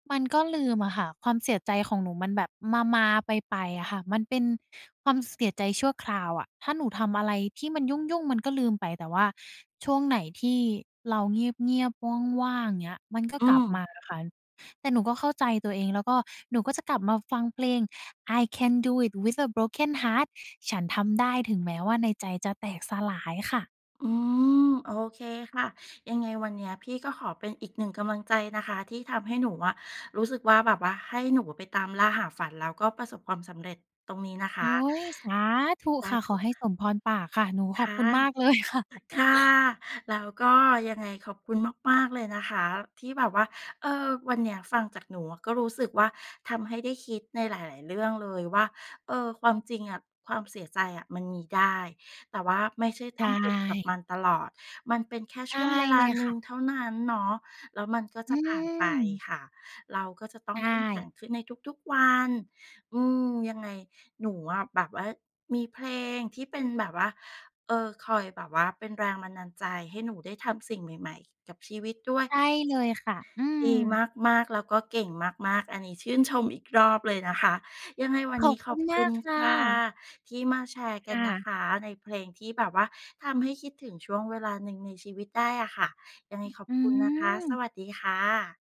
มันก็ลืมอะค่ะ ความเสียใจของหนูมันแบบมา ๆ ไป ๆ อะค่ะ มันเป็นความเสียใจชั่วคราวอะ ถ้าหนูทำอะไรที่มันยุ่ง ๆ มันก็ลืมไป แต่ว่าช่วงไหนที่เราเงียบ ๆ ว่าง ๆ อย่างเงี้ย มันก็อืกลับมม าอะค่ะ แต่หนูก็เข้าใจตัวเอง แล้วก็หนูก็จะกลับมาฟังเพลง "I Can Do It With a Broken Heart" ฉันทำได้ถึงแม้ว่าในใจจะแตกสลายค่ะ อืม โอเคค่ะ ยังไงวันเนี้ยพี่ก็ขอเป็นอีก 1 กำลังใจนะคะที่ทำให้หนูอะรู้สึกว่าแบบว่าให้หนูไปตามล่าหาฝัน แล้วก็ประสบความสำเร็จตรงนี้นะคโอ๊ะ ย สาธุสคา่ะ ธขุคอ่ะ ให้สมพรปากค่ะ หนูขคอบ่คะ ุณมาก เลยค่ะ ต ค่ะ แล้วก็ยังไงขอบคุณมาก ๆ เลยนะคะที่แบบว่า เออ วันเนี้ยฟังจากหนูก็รู้สึกว่าทำให้ได้คิดในหลาย ๆ เรื่องเลยว่า เออ ความจริงอะ ความเสียใจอะมันมีได้ แต่ว่าไม่ใช่ใชต้องจมกับมั่ นตลอด มันเป็นแค่ไดช่วง้เวลเลายหนคึ่่ะ งเท่านั้นเนาะ แล้วมันก็อจืะผ่านไปม ค่ะ เราก็จะต้ใอชงเข้มแข็่ งขึ้นในทุก ๆ วัน อืม ยังไงหนูอะแบบว่ามีเพลงที่เป็นแบบว่า เอ่อ คอยแบบว่าเป็นแรงบันดาลใจให้หนูได้ทำสิ่งใหม่ ๆ กับชีวิตด้วย ใช่เลยค่ะ อืดีม มาก ๆ แล้วก็เก่งมาก ๆ อันนี้ชื่นชมอีกรอบเลยนะคะ ยังไงวัขนอนีบ้คขุอณบมคาุกณค่ค่ะะ ที่มาแชร์กคั่นนะะ คะ ในเพลงที่แบบว่าทำให้คิดถึงช่วงเวลาหนึ่งในชีวิตได้อะค่ะ ยังไอ งขอบอืคุณนะคะ ม สวัสดีค่ะ